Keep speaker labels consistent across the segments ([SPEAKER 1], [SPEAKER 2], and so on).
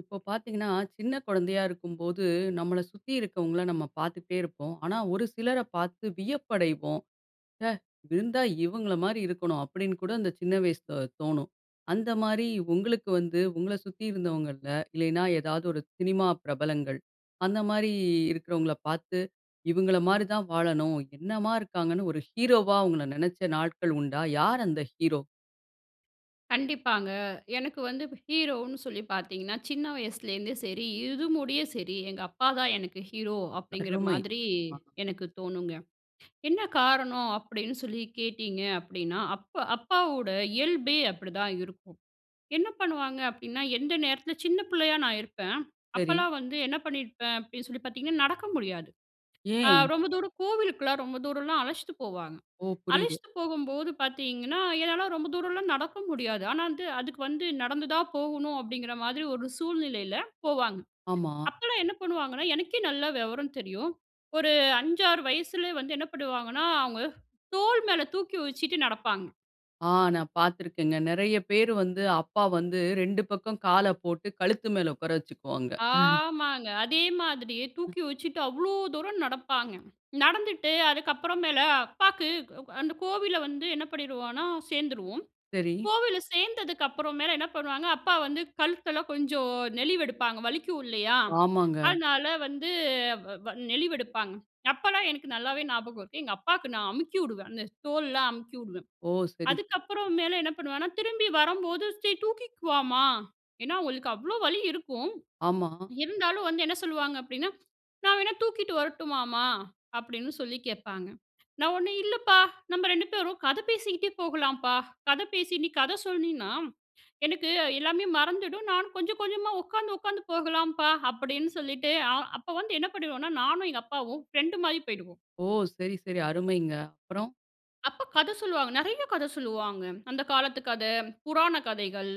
[SPEAKER 1] இப்போ பாத்தீங்கன்னா, சின்ன குழந்தையா இருக்கும்போது நம்மள சுத்தி இருக்கவங்கள நம்ம பார்த்துட்டே இருப்போம். ஆனா, ஒரு சிலர பார்த்து வியப்படைவோம். ஹ! இருந்தா இவங்கள மாரி இருக்கனும்! அப்டின்னு கூட இந்த சின்ன வயசுல தோணும். அந்த மாரி உங்களுக்கு வந்து உங்கள சுத்தி இருந்தவங்கள்ல, இல்லைன்னா ஏதாவது ஒரு சினிமா பிரபலங்கள், அந்த மாரி இருக்குறவங்கள பார்த்து இவுங்கள மாரி தான் வாழணும். என்னம்மா இருக்காங்கன்னு ஒரு ஹீரோவா அவங்கள நினைச்ச நாட்கள் உண்டா? யார் அந்த ஹீரோ?
[SPEAKER 2] கண்டிப்பாங்க, எனக்கு வந்து ஹீரோன்னு சொல்லி பார்த்தீங்கன்னா, சின்ன வயசுலேருந்தே சரி இது முடிய சரி, எங்க அப்பாதான் எனக்கு ஹீரோ. அப்படிங்கிற
[SPEAKER 1] அருமை.
[SPEAKER 2] மாதிரி
[SPEAKER 1] அ.
[SPEAKER 2] எனக்கு தோணுங்க. என்ன காரணம்? அப்படின்னு சொல்லி கேட்டிங்க அப்படின்னா, அப்ப அப்பாவோட இயல்பே அப்படிதான் இருக்கும். என்ன பண்ணுவாங்க? அப்படின்னா, எந்த நேரத்தில சின்ன பிள்ளையா நான் இருப்பேன்
[SPEAKER 1] சரி.
[SPEAKER 2] அப்பலாம் வந்து என்ன பண்ணியிருப்பேன் அப்படின்னு சொல்லி பார்த்தீங்கன்னா, நடக்க முடியாது. அ
[SPEAKER 1] ஏன்?
[SPEAKER 2] ரொம்ப தூரம் கோவிலுக்குலாம், ரொம்ப தூரம்லாம் அழைச்சிட்டு போவாங்க.
[SPEAKER 1] ஓ! புரிது.
[SPEAKER 2] அழச்சிட்டு போகும்போது பார்த்தீங்கன்னா, என்னால ரொம்ப தூரம்லாம் நடக்க முடியாது. ஆனா வந்துட்டு அதுக்கு வந்து நடந்து தான் போகணும். அப்படிங்கிற மாதிரி ஒரு சூழ்நிலையில போவாங்க.
[SPEAKER 1] ஆமா.
[SPEAKER 2] அப்போலாம் என்ன பண்ணுவாங்கன்னா, எனக்கே நல்லா விவரம் தெரியும். ஒரு 5, 6 வயசுலய வந்து என்ன பண்ணுவாங்கன்னா அவங்க தோல் மேல தூக்கி வச்சுட்டு நடப்பாங்க.
[SPEAKER 1] ஆ, நான் பார்த்திருக்கேங்க. நெறைய பேர் வந்து அப்பா வந்து 2 பக்கம் காலபோட்டு கழுத்து மேல உட்கார வச்சிக்குவாங்க.
[SPEAKER 2] ஆமாங்க. அதே மாதிரி
[SPEAKER 1] ம்.
[SPEAKER 2] தூக்கி வச்சுட்டு, அவ்ளோ தூரம் நடப்பாங்க. நடந்துட்டு அதுக்கப்புறமேல அப்பாக்கு [unintelligible] அந்த கோவில்ல வந்து என்ன பண்ணிடுவோம்னா? சேர்ந்துருவோம்.
[SPEAKER 1] சரி.
[SPEAKER 2] கோவில்ல சேர்ந்ததுக்கப்புறமேல என்ன பண்ணுவாங்க? அப்பா வந்து கழுத்தெல்லாம் கொஞ்சம் நெலிவெடுப்பாங்க. வலிக்கும் இல்லையா?
[SPEAKER 1] ஆமாங்க.
[SPEAKER 2] அதனால, வந்து வ் வ நெலிவெடுப்பாங்க. அப்பலாம் எனக்கு நல்லாவே ஞாபகம் இருக்கு. எங்க அப்பாக்கு நான் அமுக்கிஉடுவேன், அந்த தோள்லாம் அமுக்கிவிடுவேன்.
[SPEAKER 1] ஓ! சரி, ச
[SPEAKER 2] அதுக்கப்புறம் மேல என்ன பண்ணுவேன்னா? திரும்பி வரும்போது" சரி, தூக்கிக்குவாமா," ஏன்னா அவங்களுக்கு அவ்வளோ வலி இருக்கும்,
[SPEAKER 1] ஆமா.
[SPEAKER 2] இருந்தாலும் வந்து என்ன சொல்லுவாங்க அப்படின்னா, "நான் வேணா தூக்கிட்டு வரட்டுமாமா?" அப்படீன்னு சொல்லி கேட்பாங்க. நான், "ஒன்னும் இல்லப்பா, நம்ம 2 பேரும் கதை பேசிக்கிட்டே போகலாம்ப்பா, கதை பேசி நீ கதை சொன்னீன்னா! எனக்கு எல்லாமே மறந்துடும் நானும் கொஞ்சம் கொஞ்சமா உட்காந்து உட்காந்து போகலாம்ப்பா." அப்படீன்னு சொல்லிட்டு, அ அப்போ வந்து என்ன பண்ணிடுவோம்னா? நானும் எங்க அப்பாவும் ஃப்ரெண்டு மாரி போயிடுவோம்.
[SPEAKER 1] ஓ! சரி சரி, அருமைங்க. அப்புறம்?
[SPEAKER 2] அப்பா கத சொல்வாங்க. நெறையா கத சொல்லுவாங்க. அந்த காலத்து கத, புராண கதைகள்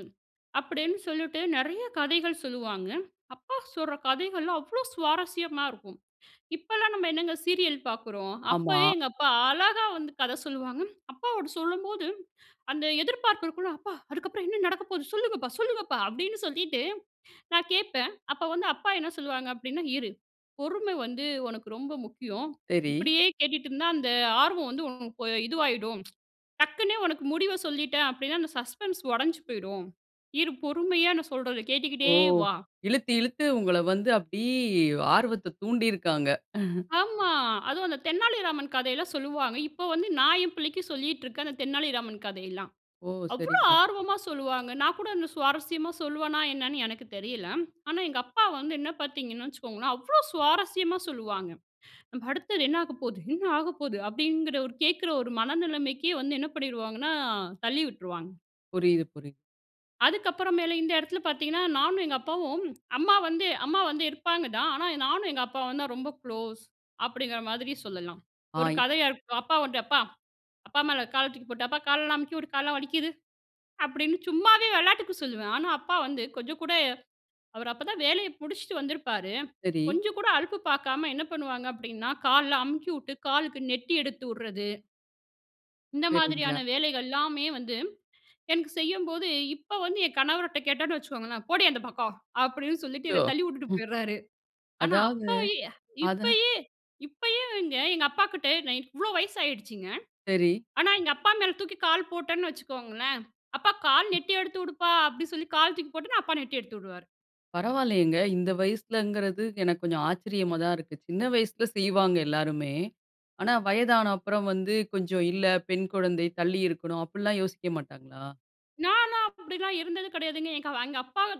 [SPEAKER 2] அப்படீன்னு சொல்லிட்டு நெறையா கதைகள் சொல்லுவாங்க. அப்பா சொல்ற கதைகள்லாம், அவ்ளோ சுவாரஸ்யமா இருக்கும். இப்போலாம் நம்ம என்னங்க சீரியல் பாக்குறோம்?
[SPEAKER 1] ஆமா.
[SPEAKER 2] அப்பவே எங்க அப்பா அழகா வந்து கத சொல்லுவாங்க. அப்பாவோட சொல்லும்போது, அந்த எதிர்பார்ப்பு இருக்கும்ல, "அப்பா! அதுக்கப்றம் என்ன நடக்கபோது, சொல்லுங்கப்பா, சொல்லுங்கப்பா!" அப்படீன்னு சொல்லிட்டு நான் கேட்பேன். அப்ப வந்து, அப்பா என்ன சொல்லுவாங்க அப்படின்னா, "இரு. பொறுமை வந்து உனக்கு ரொம்ப முக்கியம்.
[SPEAKER 1] சரி.
[SPEAKER 2] இப்படியே கேட்டுட்டு இருந்தா, அந்த ஆர்வம் வந்து உனக்கு இதுவாயிடும். டக்ன்னு உனக்கு முடிவ சொல்லிட்டேன் அப்படின்னா, அந்த சஸ்பென்ஸ் உடைஞ்சு போய்டும். இரு, பொறுமையா நான் சொல்றத
[SPEAKER 1] ஓ!
[SPEAKER 2] கேட்டுக்கிட்டே வா!"
[SPEAKER 1] இழுத்து, இழுத்து உங்கள வந்து அப்படி ஆர்வத்த தூண்டிருக்காங்க.
[SPEAKER 2] ஆமா. அதுவும் அந்த தென்னாலிராமன் கதையெல்லாம் சொல்லுவாங்க. இப்ப வந்து நான் என்பிள்ளைக்கு சொல்லிட்டிருக்கேன் அந்த தென்னாலிராமன் கதையெல்லாம்.
[SPEAKER 1] ஓ!
[SPEAKER 2] அவ்வளோ
[SPEAKER 1] சரிங்க.
[SPEAKER 2] ஆர்வமா சொல்லுவாங்க. நான் கூட அந்த சுவாரஸ்யமா சொல்வேனா என்னன்னு எனக்கு தெரியல. ஆனா, எங்க அப்பா வந்து என்ன பார்த்தீங்கன்னு வச்சிக்கோங்களேன், அவ்ளோ சுவாரஸ்யமா சொல்லுவாங்க. நம்ம அடுத்தது என்ன ஆகப்போது, என்ன ஆகப்போகுது! அப்படிங்கிற ஒரு கேக்கிற ஒரு மனநிலைமைக்கே வந்து என்ன பண்ணிருவாங்கனா தள்ளி விட்டுருவாங்க.
[SPEAKER 1] புரியுது, புரி
[SPEAKER 2] அதுக்கப்புற மேல இந்த எடத்தில பாத்தீங்கன்னா, நானும் எங்க அப்பாவும் அம்மா வந்து அம்மா வந்து இருப்பாங்க தான். ஆனா நானும் எங்க அப்பாவும் தான் ரொம்ப குளோஸ் அப்படிங்கிற மாதிரி சொல்லலாம்.
[SPEAKER 1] ஆ
[SPEAKER 2] ஒரு
[SPEAKER 1] இ
[SPEAKER 2] கதையா இரு அப்பா வந்து அப்பா! அப்பா மேல கால தூக்கிப்போட்டு, "அப்பா காலெல்லாம் அமுக்கி விடு, காலெல்லாம் வலிக்குது" அப்படீன்னு சும்மாவே விளாட்டுக்கு சொல்லுவேன். ஆனா அப்பா வந்து கொஞ்சம் கூட அவர் அப்ப தான் வேலைய முடிச்சுட்டு வந்திருப்பாரு
[SPEAKER 1] சரி.
[SPEAKER 2] கொஞ்சம் கூட அலுப்பு பாக்காம என்ன பண்ணுவாங்க அப்படின்னா, கால்லாம் அமுக்கிவிட்டு, காலுக்கு நெட்டி எடுத்து ட்றது இந்த மாதிரியான
[SPEAKER 1] சரிங்க.
[SPEAKER 2] வேலைகள் எல்லாமே வந்து, எனக்கு செய்யும்போது இப்போ வந்து என் கணவர்ட்ட கேட்டோம்னு வச்சுக்கோங்களேன், "போடி அந்த பக்கம்" அப்படீன்னு சொல்லிட்டு
[SPEAKER 1] அச்சோ!
[SPEAKER 2] என்ன தள்ளி உட்டுட்டு
[SPEAKER 1] ஹும்
[SPEAKER 2] போயிர்றாரு. ஆனா
[SPEAKER 1] அதாவது
[SPEAKER 2] அப்போ ய்
[SPEAKER 1] அதான்
[SPEAKER 2] இப்பயே இப்பயே வேங்க எங்க அப்பா கிட்ட நான் இவ்வளோ வயசாயிடுச்சுங்க.
[SPEAKER 1] சரி.
[SPEAKER 2] ஆனா எங்க அப்பா மேலே தூக்கி கால் போட்டேன்னு வச்சுக்கோங்களேன் "அப்பா, கால்
[SPEAKER 1] ம்.
[SPEAKER 2] நெட்டி எடுத்துவுடுப்பா" அப்டி சொல்லி கால் தூக்கி போட்டேன்னா, அப்பா நெட்டி எடுத்து உடுவாரு.
[SPEAKER 1] பரவால்லையேங்க. இந்த வயசுலேங்கிறது, எனக்கு கொஞ்சம் ஆச்சரியமா தான் இருக்கு. சின்ன வயசுல செய்வாங்க எல்லாருமே. ஆனா வயதான அப்புறம் வந்து கொஞ்சம் இல்ல பெண் குழந்தை, தள்ளி இருக்கணும். அப்படில்லாம் யோசிக்க மாட்டாங்களா?
[SPEAKER 2] நான்லாம் அப்படிலாம் இருந்தது கிடையாதுங்க. எங்க அப்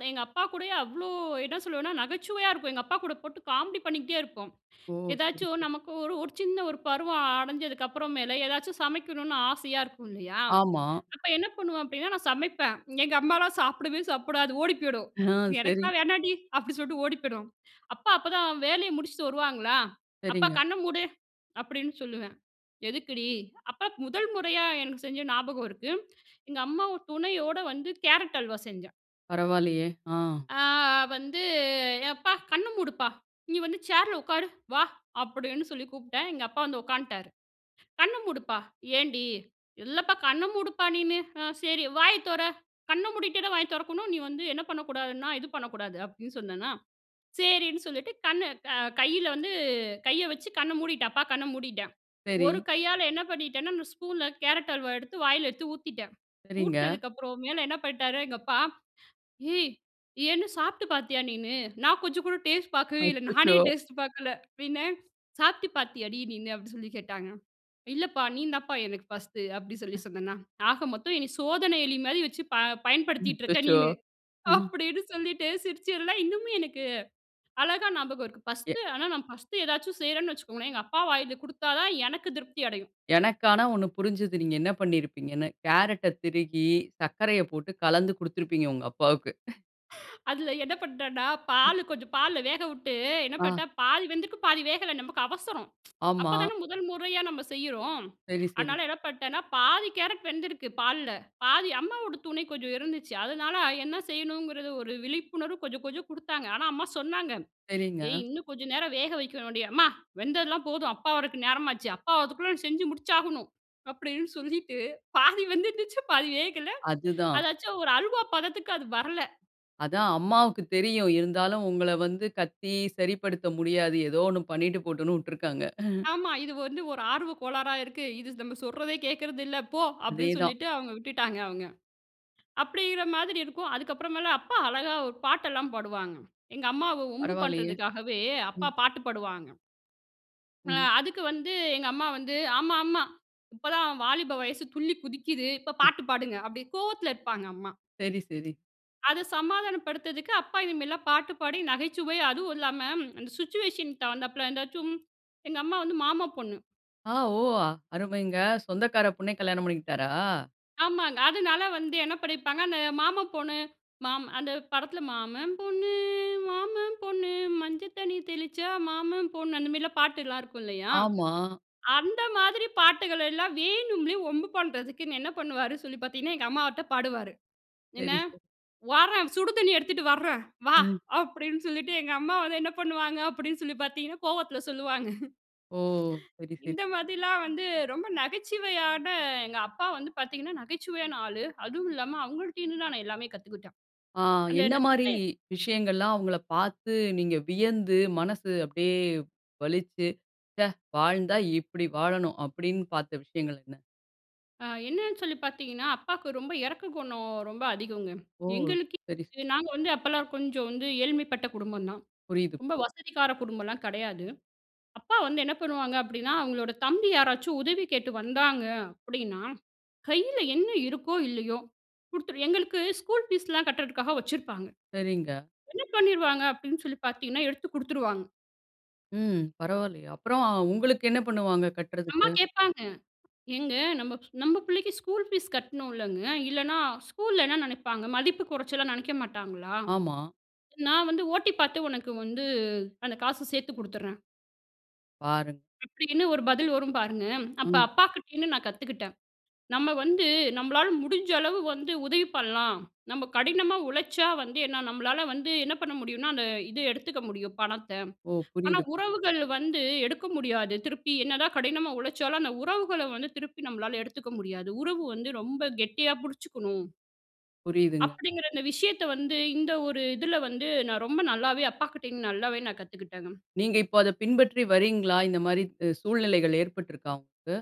[SPEAKER 2] எங்க அப்பா கூடயே அவ்ளோ என்ன சொல்வேனா நகைச்சுவையா இருக்கும் எங்க அப்பா கூட போட்டு காமெடி பண்ணிக்கிட்டே இருப்போம்.
[SPEAKER 1] ஓ! சரி,
[SPEAKER 2] எதாச்சும்
[SPEAKER 1] சரி.
[SPEAKER 2] நமக்கு ஒரு, ஒரு சின்ன ஒரு பருவம் அடைஞ்சதுக்கப்பற மேல ஏதாச்சும் சமைக்கணும்னு ஆசையா இருக்கும் இல்லையா!
[SPEAKER 1] ஆமா.
[SPEAKER 2] அப்ப என்ன பண்ணுவோம்? அப்படின்னா! நான் சமைப்பேன் எங்க அம்மால்லாம் சாப்பிடவே சாப்பிடாது ஓடி போயிடும்.
[SPEAKER 1] ஆ, சரி.
[SPEAKER 2] "எனக்கெல்லாம் வேணான்டி," அப்டி சொல்லிட்டு ஓடி போயிடும். அப்பா, அப்ப தான் வேலைய முடிச்சுட்டு வருவாங்களா! "அப்பா
[SPEAKER 1] சரிங்க.
[SPEAKER 2] கண்ண மூடு அப்படின்னு சொல்லுவேன்." "எதுக்குடி?" அப்பா முதல் முறையா எனக்கு செஞ்ச ஞாபகம் இருக்கு. எங்க அம்மா துணையோட வந்து கேரட் அல்வா செஞ்சேன்.
[SPEAKER 1] பரவால்லயே, ஆ.
[SPEAKER 2] ஆ, வந்து "எப்பா, கண்ண மூடுப்பா, நீ வந்து சேர்‌ல உட்காரு வா." அப்படின்னு சொல்லி கூப்பிட்டேன். எங்க அப்பா வந்து உக்காந்துட்டாரு. "கண்ண மூடுப்பா," "ஏன்டி?" "இல்லப்பா, கண்ண மூடுப்பா நீனு. ஆ சரி வாய தொற கண்ண மூடிட்டேதா வாய திறக்கணும். நீ வந்து என்ன பண்ணக்கூடாதுன்னா, இது பண்ணக்கூடாது." அப்படின்னு சொன்னன்னா! சரின்னு சொல்லிட்டு கண்ணு அ கையில வந்து கைய வச்சு கண்ண மூடிட்டன். அப்பா கண்ண மூடிட்டேன். ஒரு
[SPEAKER 1] சரி.
[SPEAKER 2] கையால என்ன பண்ணிட்டேனா? நான் ஸ்பூன்ல, கேரட் அல்வா எடுத்து வாயில எடுத்து ஊத்தீட்டேன்.
[SPEAKER 1] சரிங்க.
[SPEAKER 2] ஊட்டுனதுக்கப்புறம் மேலே என்ன பண்ணிட்டாரு, எங்க அப்பா "ஏய்! ஏன்னு சாப்பிட்டு பார்த்தியா நீனு?" நான் கொஞ்சம் கூட டேஸ்ட் பார்க்கவே இல்ல. நானே
[SPEAKER 1] அச்சச்சோ!
[SPEAKER 2] "டேஸ்ட் பார்க்கல" அப்படின்னேன் "சாப்பிட்டு பார்த்தியாடி நீன்னு?" அப்படின்னு சொல்லி கேட்டாங்க, "இல்லப்பா நீ தாம்ப்பா எனக்கு ஃபர்ஸ்ட்டு." அப்படின்னு சொல்லி
[SPEAKER 1] அஹ்.
[SPEAKER 2] சொன்னேனா! "ஆக மொத்தம் என்ன சோதன எலி மாதிரி வச்சு அ ப பயன்படுத்திட்டு இருக்க
[SPEAKER 1] அச்சச்சோ!
[SPEAKER 2] நீனு."
[SPEAKER 1] ம்.
[SPEAKER 2] அப்படின்னு சொல்லீட்டு சிரிச்சதெல்லாம் இன்னமும் எனக்கு அழகா ஞாபகம் இருக்கு.
[SPEAKER 1] எ.
[SPEAKER 2] பர்ஸ்ட்டு ஆனா நான் ஃபர்ஸ்ட்டு ஏதாவது செய்யறேன்னு வச்சுக்கோங்களேன் எங்க அப்பா வாயில கொடுத்தா தான் எனக்கு திருப்தி அடையும்.
[SPEAKER 1] எனக்கு ஆனா ஒன்னு புரிஞ்சது, நீங்க என்ன பண்ணிருப்பீங்கனு? கேரட்‌ட திருகி சர்க்கரைய போட்டு கலந்து கொடுத்திருப்பீங்க, உங்க அப்பாவுக்கு!
[SPEAKER 2] அதில என்ன பண்டேன்னா,
[SPEAKER 1] ம்.
[SPEAKER 2] பால் கொஞ்சம் பால்ல வேக விட்டு என்ன
[SPEAKER 1] ஆ.
[SPEAKER 2] பண்டேன், பாதி வெந்திருக்கு பாதி வேகல. நமக்கு அவசரம்.
[SPEAKER 1] ஆமா.
[SPEAKER 2] அப்பதான முதல் முறையா நம்ம செய்யறோம்.
[SPEAKER 1] சரி, சரி.
[SPEAKER 2] அதனால என்ன பணடேன்னா, பாதி கேரட் வெந்திருக்கு பால்ல. பாதி அம்மாவோட துணை கொஞ்சம் இருந்துச்சு. அதனால என்ன செய்யணுங்கிறது ஒரு விழிப்புணர்வு கொஞ்சம் கொஞ்சம் குடுத்தாங்க. ஆனா அம்மா சொன்னாங்க "ஏய்!
[SPEAKER 1] சரிங்க.
[SPEAKER 2] இன்னும் கொஞ்ச நேரம் வேக வைக்கணும்டி." "அம்மா! வெந்ததெல்லாம் போதும். அப்பா வரதுக்கு நேரமாச்சு. அப்பா வரதுக்குள்ள செஞ்சு முடிச்சாகணும்." அப்படீன்னு சொல்லிட்டு பாதி வெந்துருந்துச்சு பாதி வேகல.
[SPEAKER 1] அதுதான்.
[SPEAKER 2] அதாச்சும் ஒரு அல்வா பதத்துக்கு அது வரல.
[SPEAKER 1] அதான், அம்மாவுக்கு தெரியும். இருந்தாலும், உங்கள வந்து கத்தி சரிப்படுத்த முடியாது. ஏதோ ஒண்ணு பண்ணிட்டு போட்டும்னு விட்டுருக்காங்க.
[SPEAKER 2] ஆமா. "இது வந்து ஒரு ஆர்வ கோளாறா இருக்கு. இது நம்ம சொல்றதே கேக்கிறதில்ல போ!" அப்படீன்னு
[SPEAKER 1] அதேதான்.
[SPEAKER 2] சொல்லிட்டு அவுங்க விட்டுட்டாங்க அவுங்க. அப்படின்கிற மாதிரி இருக்கும். அதுக்கு அப்புறமேல அப்பா அழகா ஒரு பாட்டெல்லாம் பாடுவாங்க. எங்க அம்மாவ வம்பு
[SPEAKER 1] பரவாயில்லையே,
[SPEAKER 2] பண்றதுக்காகவே, அப்பா
[SPEAKER 1] ம்.
[SPEAKER 2] பாட்டு பாடுவாங்க. அ
[SPEAKER 1] ம்.
[SPEAKER 2] அதுக்கு வந்து எங்க அம்மா வந்து, "ஆமா, ஆமா இப்போ தான் அவன் வாலிப வயசு துள்ளி குதிக்கிது. இப்போ பாட்டு பாடுங்க!" அப்டி கோவத்தில இருப்பாங்க அம்மா.
[SPEAKER 1] சரி, சரி.
[SPEAKER 2] அது சமாதானம் படுத்ததற்கு அப்பா இதுமாறிலாம் பாட்டு பாடி, நகைச்சுவை அதுவும் இல்லாம, அந்த சிச்சுவேஷன் தகுந்தாற்ப்ல, இந்த சும் எங்க அம்மா வந்து மாமா பொண்ணு.
[SPEAKER 1] ஆ. ஓ! அருமைங்க. சொந்தக்காரப் பொண்ணே கல்யாணம் பண்ணிக்கிட்டாரா?
[SPEAKER 2] ஆமாங்க. அதுனால வந்து என்ன பண்ணிருப்பாங்க, அந்த மாமா பொண்ணு மாம் அந்த படத்தில "மாமன் பொண்ணு, மாமன் பொண்ணு மஞ்சள் தண்ணி தெளிச்சா மாமன் பொண்ணு" அந்தமாரிலாம் பாட்டு எல்லாம் இருக்கும் இல்லயா!
[SPEAKER 1] ஆமா.
[SPEAKER 2] அந்த மாதிரி பாட்டுகளெல்லாம் வேணும்லே ஒம்பு பண்ணுறதுக்குன்னு என்ன பண்ணுவாரு சொல்லி பார்த்தீங்கன்னா, எங்கம்மாட்ட பாடுவாரு. என்ன?
[SPEAKER 1] சரி, சரி.
[SPEAKER 2] "வாரேன் சுடு தண்ணிய எடுத்துட்டு வர்றேன். வா!"
[SPEAKER 1] ம்.
[SPEAKER 2] அப்பிடின்னு சொல்லிட்டு, எங்க அம்மா வந்து என்ன பண்ணுவாங்க அப்பிடின்னு சொல்லி பார்த்தீங்கன்னா, கோவத்தில சொல்லுவாங்க.
[SPEAKER 1] ஓ! சரி, சரி.
[SPEAKER 2] இந்த மாதிரிலாம் வந்து ரொம்ப நகைச்சுவையான எங்க அப்பா வந்து பார்த்தீங்கன்னா, நகைச்சுவையான ஆளு. அதுவும் இல்லாம அவுங்கள்ட இருந்துதான் நான் எல்லாமே கத்துக்கிட்டேன்.
[SPEAKER 1] ஆ
[SPEAKER 2] அந்த என்ன,
[SPEAKER 1] என்னமாரி
[SPEAKER 2] [unintelligible]
[SPEAKER 1] விஷயங்கள்லாம் அவுங்களப் பார்த்து நீங்க வியந்து மனசு அப்பிடியே வலிச்சு, "ச்சே, வாழ்ந்தா இப்பிடி வாழணும்" அப்பிடின்னு பார்த்த விஷயங்கள் என்ன?
[SPEAKER 2] அ என்னன்னு சொல்லி பார்த்தீங்கன்னா, அப்பாக்கு ரொம்ப இரக்ககுணம் ரொம்ப அதிகங்க.
[SPEAKER 1] ஓ!
[SPEAKER 2] எங்களுக்கு
[SPEAKER 1] சரி.
[SPEAKER 2] நாங்க இது நாங்க வந்து அப்பலாம் கொஞ்சம் வந்து ஏழ்மைப்பட்ட குடும்பம்தான்.
[SPEAKER 1] புரியுது.
[SPEAKER 2] ரொம்ப வசதிக்கார குடும்பம்லாம் கிடையாது. அப்பா வந்து என்ன பண்ணுவாங்க அப்பிடின்னா, அவுங்களோட தம்பி யாராச்சும் உதவி கேட்டு வந்தாங்க அப்பிடின்னா, கையில என்ன இருக்கோ! இல்லையோ! குடுத்துரு எங்களுக்கு ஸ்கூல் ஃபீஸ்லாம் கட்டுறதுக்காக வச்சிருப்பாங்க.
[SPEAKER 1] சரிங்க.
[SPEAKER 2] என்ன பண்ணிருவாங்க அப்பிடின்னு சொல்லி பார்த்தீங்கன்னா, எடுத்து குடுத்துருவாங்க.
[SPEAKER 1] ம். பரவால்லையே! அப்புறம் அ உங்களுக்கு என்ன பண்ணுவாங்க
[SPEAKER 2] அம்மா
[SPEAKER 1] கட்றதுக்கு?
[SPEAKER 2] கேப்பாங்க. "ஏங்க நம்ப நம்ப பிள்ளைக்கு ஸ்கூல் ஃபீஸ் கட்ணுலங்க! இல்லைன்னா, ஸ்கூல்ல என்ன நினைப்பாங்க? மதிப்பு குறைச்சலா நினைக்க மாட்டாங்களா?"
[SPEAKER 1] ஆமா.
[SPEAKER 2] "நான் வந்து ஓ.டி பாத்து உனக்கு வந்து அந்த காச சேத்து கொடுத்தர்றேன்"
[SPEAKER 1] பாருங்க.
[SPEAKER 2] அப்படின்னு ஒரு பதில் வரும் பாருங்க. அப்ப
[SPEAKER 1] ம்.
[SPEAKER 2] அப்பாக்கிட்டேந்து நான் கத்துக்கிட்டேன். நம்ம வந்து, நம்பளால முடிஞ்ச அளவு வந்து உதவி பண்ணலாம். நம்ப கடினமா உழைச்சா வந்து ஏன்னா நம்மளால வந்து என்ன பண்ண முடியும்னா? அந்த இது எடுத்துக்க முடியும் பணத்த.
[SPEAKER 1] ஓ!
[SPEAKER 2] ஆனா!
[SPEAKER 1] புரியுது, பு
[SPEAKER 2] உறவுகள் வந்து எடுக்க முடியாது. திருப்பி என்னதான் கடினமா உழைச்சாலும், அந்த உறவுகள வந்து திருப்பி நம்மளால எடுத்துக்க முடியாது. உறவு வந்து ரொம்ப கெட்டியா புடுச்சுக்கணும்.
[SPEAKER 1] புரியுதுங்க.
[SPEAKER 2] அப்படிங்கிற அந்த விஷயத்த வந்து, இந்த ஒரு இதுல வந்து நான் ரொம்ப நல்லாவே அப்பாக்கிட்டேந்து நல்லாவே நான் கத்துக்கிட்டேங்க.
[SPEAKER 1] நீங்க இப்ப அத பின்பற்றி வரீங்களா? இந்த மாரி உ சூழ்நிலைகள் ஏற்பட்டு இருக்கா உங்களுக்கு?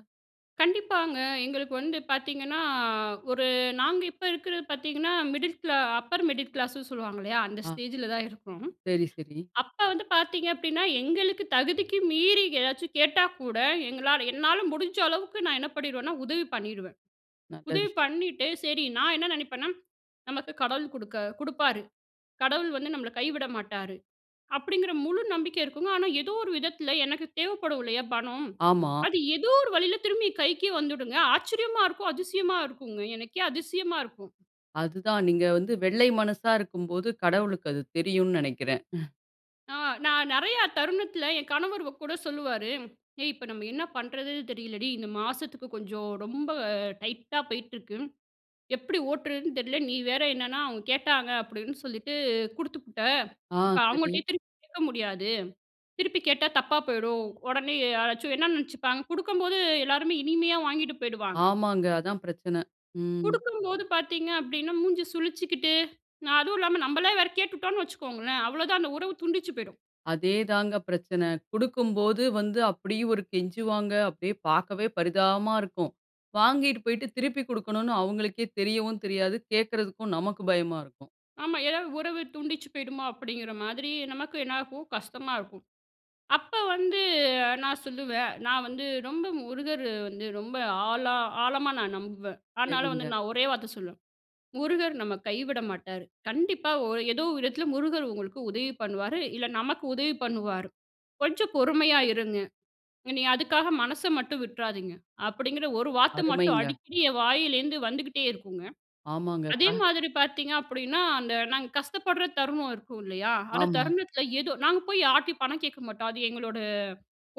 [SPEAKER 2] கண்டிப்பாங்க. எங்களுக்கு வந்து பாத்தீங்கன்னா, அ ஒரு நாங்க இப்ப இருக்கிறது பாத்தீங்கன்னா, மிடில் கிளா அப்பர் மிடில் கிளாஸ்ன்னு சொல்லுவாங்க இல்லையா? அந்த
[SPEAKER 1] ஆ.
[SPEAKER 2] ஸ்டேஜில தான் இருக்கோம்.
[SPEAKER 1] சரி, சரி.
[SPEAKER 2] அப்ப வந்து பாத்தீங்க அப்படின்னா, எங்களுக்கு தகுதிக்கு மீறி ஏதாச்சு கேட்டா கூட, எங்களால என்னால முடிஞ்ச அளவுக்கு நா என்ன பண்ணிருவேன்னா, உதவி பண்ணிருவேன்.
[SPEAKER 1] நல்ல
[SPEAKER 2] உதவி
[SPEAKER 1] விஷயம்.
[SPEAKER 2] பண்ணிட்டு சரி நான் என்ன நினைப்பேன்னா, நமக்கு கடவுள் குடுக்க குடுப்பாரு. கடவுள் வந்து நம்மள கைவிட மாட்டாரு. அப்படிங்கிற முழு நம்பிக்கை இருக்குங்க. ஆனா ஏதோ ஒரு விதத்தில எனக்கு தேவைப்படும் இல்லையா, பணம்.
[SPEAKER 1] ஆமா.
[SPEAKER 2] அது ஏதோ ஒரு வழியில திரும்பி கைக்கே வந்துடுங்க. ஆச்சரியமா! இருக்கும் அதிசயமா! இருக்குங்க. எனக்கே அதிசயமா இருக்கும்.
[SPEAKER 1] அதுதான். நீங்க வந்து வெள்ளை மனசா இருக்கும்போது, கடவுளுக்கு அது தெரியும்னு நினைக்கிறேன்.
[SPEAKER 2] ஆ நான் நிறையா தருணத்தில என் கணவர் வ கூட சொல்லுவாரு, "ஏய்! இப்ப நம்ம என்ன பண்றதுன்னு தெரியலடி, இந்த மாசத்துக்கு கொஞ்சம் ரொம்ப டைட்டா போய்ட்டிருக்கு. எப்படி ஓட்டுறதுன்னு தெரியல. நீ வேற என்னன்னா அவுங்க கேட்டாங்க அப்படின்னு சொல்லிட்டு குடுத்துபுட்ட.
[SPEAKER 1] ஆ!
[SPEAKER 2] இப்ப
[SPEAKER 1] சரி.
[SPEAKER 2] அவுங்கள்ட்டயே திருப்பி கேட்க முடியாது. திருப்பி கேட்டா தப்பா போயிடும். உடனே யாராச்சும் என்ன நினைச்சுப்பாங்க," குடுக்கும்போது எல்லாருமே இனிமையா வாங்கிட்டு போயிடுவாங்க.
[SPEAKER 1] ஆமாங்க! அதான் பிரச்சன. ம்.
[SPEAKER 2] குடுக்கும்போது பார்த்தீங்க அப்படினா, மூஞ்சி சுளிச்சுக்கிட்டு, நா அதுவும் இல்லாம நம்மளே வேற கேட்டுட்டோம்னு வைச்சுக்கோங்களேன் அவ்வளவு தான், அந்த உறவு துண்டிச்சு போய்ரும்.
[SPEAKER 1] அதே தாங்க பிரச்சன. குடுக்கும்போது வந்து அப்படி ஒரு கெஞ்சுவாங்க. அப்படியே பார்க்கவே பரிதாபமா இருக்கும். வாங்கிட்டு போய்விட்டு திருப்பி குடுக்கனும்னு அவங்களுக்கே தெரியவும் தெரியாது. கேட்குறதுக்கும் நமக்கு பயமா இருக்கும்.
[SPEAKER 2] ஆமா ஏதாவது உறவு தூண்டிச்சு போயிடுமா அப்படிங்கிற மாதிரி நமக்கு என்ன ஆகும்? கஷ்டமா இருக்கும். அப்ப வந்து நான் சொல்லுவேன், நான் வந்து ரொம்ப முருகர் வந்து ரொம்ப ஆழ ஆழமா நான் நம்புவேன். ஆனால வந்து
[SPEAKER 1] சரிங்க.
[SPEAKER 2] நான் ஒரே வார்த்த சொல்லுவேன், "முருகர் நம்ம கைவிட மாட்டாரு. கண்டிப்பா ஒ ஏதோ ஒரு விதத்துல முருகர் உங்களுக்கு உதவி பண்ணுவாரு இல்ல நமக்கு உதவி பண்ணுவாரு. கொஞ்சம் பொறுமையா இருங்க. நீங்க அதுக்காக மனச மட்டும் விட்றாதீங்க." அப்படிங்கிற ஒரு வார்த்த மட்டும்
[SPEAKER 1] அருமைங்க.
[SPEAKER 2] அடிக்கடி என் வாயிலேருந்து வந்துகிட்டே இருக்குங்க.
[SPEAKER 1] ஆமாங்க.
[SPEAKER 2] அதே
[SPEAKER 1] பா.
[SPEAKER 2] மாதிரி பார்த்தீங்க அப்படின்னா, அந்த நாங்க கஷ்டப்படுற தருணம் இருக்கும் இல்லையா? அந்த
[SPEAKER 1] ஆமா.
[SPEAKER 2] தருணத்துல ஏதோ நாங்க போய் யார்ட்டயும் பணம் கேட்க மாட்டோம் அது எங்களோட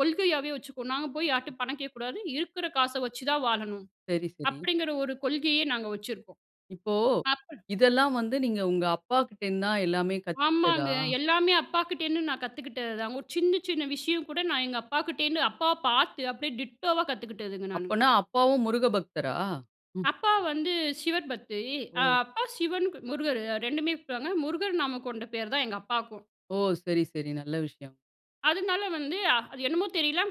[SPEAKER 2] கொள்கையாகவே வச்சுக்குவோம். நாங்க போய் யார்கிட்டயும் பணம் கேட்கக்கூடாது. இருக்கிற காச வச்சு தான் வாழணும்.
[SPEAKER 1] சரி, சரி.
[SPEAKER 2] அப்படிங்கிற ஒரு கொள்கையே நாங்க வச்சிருப்போம்.
[SPEAKER 1] இப்போ,
[SPEAKER 2] அப்ப
[SPEAKER 1] இதெல்லாம் வந்து நீங்க உங்க அப்பா கிட்டேருந்து தான் எல்லாமே கத்துக்கிட்டதா?
[SPEAKER 2] ஆமாங்க எல்லாமே அப்பாக்கிட்டேருந்து நான் கத்துக்கிட்டதுதான். ஒரு சின்ன சின்ன விஷயம் கூட நான் எங்க அப்பாக்கிட்டேருந்து, அப்பாவ பார்த்து அப்படியே டிட்டோவா கத்துக்கிட்டதுங்க நானு.
[SPEAKER 1] அப்பனா, அப்பாவும் முருக பக்தரா? ம்.
[SPEAKER 2] அப்பா வந்து சிவர் பக்தி. அ
[SPEAKER 1] ஓ!
[SPEAKER 2] அப்பா சிவன் முருகர் ரெண்டுமே கும்பிடுவாங்க. முருகர் நாமம் கொண்ட பேர் தான் எங்க அப்பாக்கும்.
[SPEAKER 1] ஓ! சரி, சரி நல்ல விஷயம்.
[SPEAKER 2] அதனால வந்து, அ அது என்னமோ தெரியல,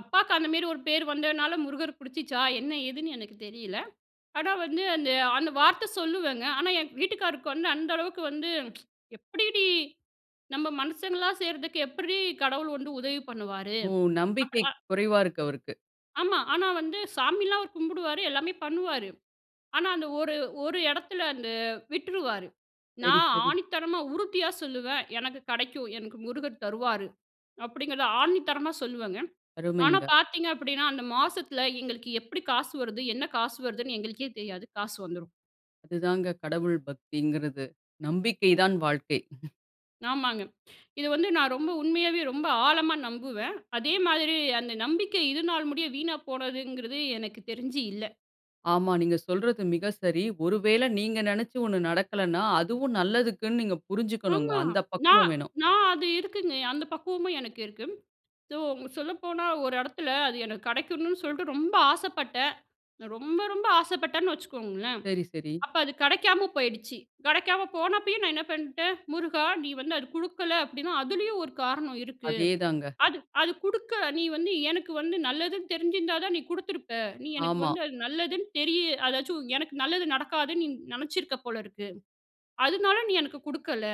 [SPEAKER 2] அப்பாக்கு அந்தமாரி ஒரு பேர் வந்ததுனால, முருகர புடிச்சுச்சா என்ன, ஏதுன்னு எனக்கு தெரியல. ஆனா வந்து, அந்த அந்த வார்த்த சொல்லுவேங்க. ஆனா என் வீட்டுக்கார்ருக்கு வந்து, அந்த அளவுக்கு வந்து, "எப்படிடீ? நம்ம மனுஷங்களா செய்றதுக்கு, எப்படிறீ கடவுள் வந்து உதவி பண்ணுவாரு?"
[SPEAKER 1] ஓ.
[SPEAKER 2] அப்
[SPEAKER 1] நம்பிக்கை
[SPEAKER 2] அ
[SPEAKER 1] குறைவா இருக்கு அவருக்கு.
[SPEAKER 2] ஆமா. ஆனா வந்து, சாமில்லாம் அவர் கும்பிடுவாரு எல்லாமே பண்ணுவாரு. ஆனா அந்த ஒரு ஒரு இடத்தில அந்த, விட்டுருவாரு.
[SPEAKER 1] சரி,
[SPEAKER 2] நான்
[SPEAKER 1] சரி.
[SPEAKER 2] ஆணித்தனமா உறுதியா சொல்லுவேன், "எனக்கு கடைக்கும். எனக்கு முருகர் தருவாரு." அப்படிங்கிறத ஆணித்தனமா சொல்லுவேங்க. ஆனா
[SPEAKER 1] அருமைங்க.
[SPEAKER 2] பார்த்தீங்க அப்படின்னா, அந்த மாசத்துல எங்களுக்கு எப்டி காசு வருது, என்ன காசு வருதுன்னு எங்களுக்கே தெரியாது, காசு வந்துரும்.
[SPEAKER 1] அதுதாங்க கடவுள் பக்திங்கிறது. நம்பிக்கை தான் வாழ்க்கை.
[SPEAKER 2] ஆமாங்க. இது வந்து நான் ரொம்ப உண்மையாவே ரொம்ப ஆழமா நம்புவேன். அதே மாதிரி, அந்த நம்பிக்கை இதுனால் முடியும் வீணா போனதுங்கிறது எனக்கு தெரிஞ்சி இல்ல.
[SPEAKER 1] ஆமா. நீங்க சொல்றது மிக சரி. ஒருவேல நீங்க நினைச்சு ஒண்ணு நடக்கலன்னா, அதுவும் நல்லதுக்குனு நீங்க புரிஞ்சுக்கனுங்க.
[SPEAKER 2] ஆமா.
[SPEAKER 1] அந்த
[SPEAKER 2] நான்
[SPEAKER 1] பக்குவம் வேணும்.
[SPEAKER 2] நான் அது இருக்குங்க. அந்த பக்குவமும் எனக்கு இருக்கு. ஸோ, சொல்லப்போனா ஒரு இடத்தில அது எனக்கு கடைக்கணும்னு சொல்லிட்டு ரொம்ப ஆசைப்பட்டேன். நான் ரொம்ப, ரொம்ப ஆசைப்பட்டேன்னு வச்சுக்கோங்களேன்.
[SPEAKER 1] சரி, சரி.
[SPEAKER 2] அப்ப அது கடைக்காம போயிடுச்சு. கடைக்காம போனப்பயும் நான் என்ன பண்ணிட்டேன். "முருகா! நீ வந்து அது குடுக்கல அப்படின்னா. அதுலயும் ஒரு காரணம் இருக்கு.
[SPEAKER 1] அதேதாங்க.
[SPEAKER 2] அது அது குடுக்க நீ வந்து எனக்கு வந்து நல்லதுன்னு தெரிஞ்சிருந்தா தான், நீ குடுத்துருப்ப. நீ எனக்கு
[SPEAKER 1] ஆமா.
[SPEAKER 2] வந்து அது நல்லதுன்னு தெரிய அதாச்சும் எனக்கு நல்லது நடக்காதுன்னு, நீ நினைச்சிருக்க போல இருக்கு. அதனால நீ எனக்கு குடுக்கல.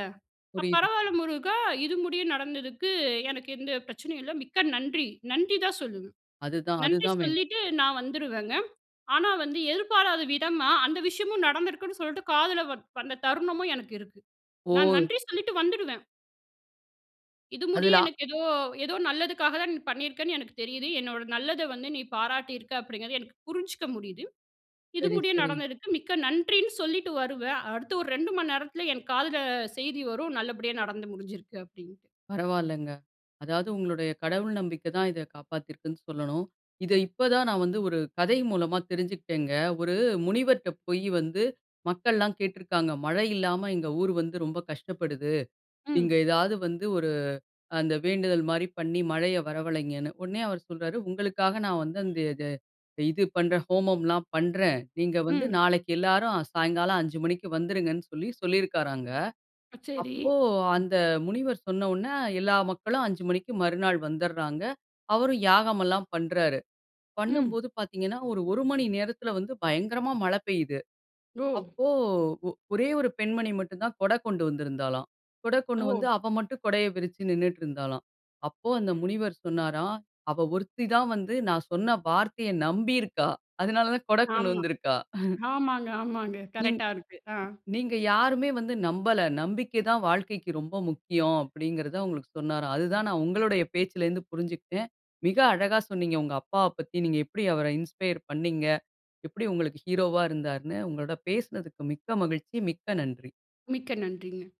[SPEAKER 2] அ
[SPEAKER 1] புரியுது.
[SPEAKER 2] பரவால்ல முருகா. இது முடியும் நடந்ததுக்கு எனக்கு எந்த பிரச்சனையும் இல்ல. மிக்க நன்றி!" நன்றி தான் சொல்லுவேன்.
[SPEAKER 1] அதுதான்,
[SPEAKER 2] நன்றி
[SPEAKER 1] அதுதான் வேணும்.
[SPEAKER 2] சொல்லிட்டு நான் வந்துருவேங்க. ஆனா வந்து எதிர்பாராத விதமா, அந்த விஷயமும் நடந்திருக்குன்னு சொல்லிட்டு காதில வ வந்த தருணமும் எனக்கு இருக்கு. நான்
[SPEAKER 1] ஓ!
[SPEAKER 2] நன்றி சொல்லிட்டு வந்துடுவேன். "இது முடிய
[SPEAKER 1] அதுல அ
[SPEAKER 2] எனக்கு ஏதோ, ஏதோ நல்லதுக்காக தான், நீ பண்ணியிருக்கன்னு எனக்கு தெரியுது. என்னோட நல்லத வந்து நீ பாராட்டி இருக்க அப்படிங்கிறது எனக்கு புரிஞ்சுக்க முடியுது. இது
[SPEAKER 1] சரி,
[SPEAKER 2] முடிய
[SPEAKER 1] சரி.
[SPEAKER 2] நடந்ததற்கு மிக்க நன்றின்னு." சொல்லிட்டு வருவேன். அடுத்து ஒரு 2 மணி நேரத்துல என் காதுல அ செய்தி வரும், நல்லபடியா நடந்து முடிஞ்சிருக்கு அப்டின்ட்டு.
[SPEAKER 1] பரவால்லங்க. அதாவது உங்களுடைய கடவுள் நம்பிக்கைதான் இத காப்பாத்தியிருக்குன்னு சொல்லணும். இதை இப்போ தான் நான் வந்து ஒரு கதை மூலமா தெரிஞ்சுக்கிட்டேங்க. ஒரு முனிவர்ட்ட போயி வந்து, மக்கள்லாம் கேட்டுருக்காங்க. "மழை இல்லாம எங்க ஊர் வந்து ரொம்ப கஷ்டப்படுது.
[SPEAKER 2] ம்.
[SPEAKER 1] நீங்க ஏதாவது வந்து ஒரு, அந்த வேண்டுதல் மாரி பண்ணி மழைய வரவழைங்கன்னு." உடனே அவர் சொல்றாரு உங்களுக்காக நான் வந்து அந்தது இது பண்ணுறேன். ஹோமம்லாம் பண்ணுறேன். நீங்க வந்து
[SPEAKER 2] ம்.
[SPEAKER 1] நாளைக்கு எல்லாரும் சாயங்காலம் 5 மணிக்கு வந்துருங்கன்னு சொல்லி சொல்லியிருக்காராங்க.
[SPEAKER 2] அ. சரி.
[SPEAKER 1] அப்போ அந்த முனிவர் சொன்னவுன்ன எல்லா மக்களும் 5 மணிக்கு மறுநாள் வந்துர்றாங்க. அவரும் யாகம் எல்லாம் பண்றாரு.
[SPEAKER 2] ம்.
[SPEAKER 1] பண்ணும்போது பாத்தீங்கன்னா ஒரு 1 மணி நேரத்துல வந்து பயங்கரமா மழை பெய்யுது.
[SPEAKER 2] ஓ!
[SPEAKER 1] அப்போ ஒரே ஒரு பெண்மணி மட்டும் தான் கொடை கொண்டு வந்திருந்தாளாம். கொடை கொண்டு வந்து
[SPEAKER 2] ஓ!
[SPEAKER 1] அவ மட்டும் கொடையை விரிச்சு நின்னுட்டு இருந்தாளாம். அப்போ அந்த முனிவர் சொன்னாராம். "அவ ஒருத்தி தான் வந்து நான் சொன்ன வார்த்தைய நம்பியிருக்கா. அதனால தான் கொடை கொண்டு
[SPEAKER 2] ஆமா.
[SPEAKER 1] வந்திருக்கா."
[SPEAKER 2] ஆமாங்க, ஆமாங்க
[SPEAKER 1] நீங்
[SPEAKER 2] கரெக்ட்டா இருக்கு. ஹான்.
[SPEAKER 1] நீங்க யாருமே வந்து நம்பல. நம்பிக்கை தான் வாழ்க்கைக்கு ரொம்ப முக்கியம்." அப்படிங்கிறத அவுங்களுக்கு சொன்னாராம். அதுதான் நான் உங்களுடைய பேச்சில இருந்து புரிஞ்சுக்கிட்டேன் மிக அழகா சொன்னீங்க உங்க அப்பாவ பத்தி. நீங்க எப்படி அவரை இன்ஸ்பயர் பண்ணீங்க, எப்படி உங்களுக்கு ஹீரோவா இருந்தார்ன்னு. உங்களோட பேசினதுக்கு மிக்க மகிழ்ச்சி மிக்க நன்றி.
[SPEAKER 2] மிக்க நன்றிங்க.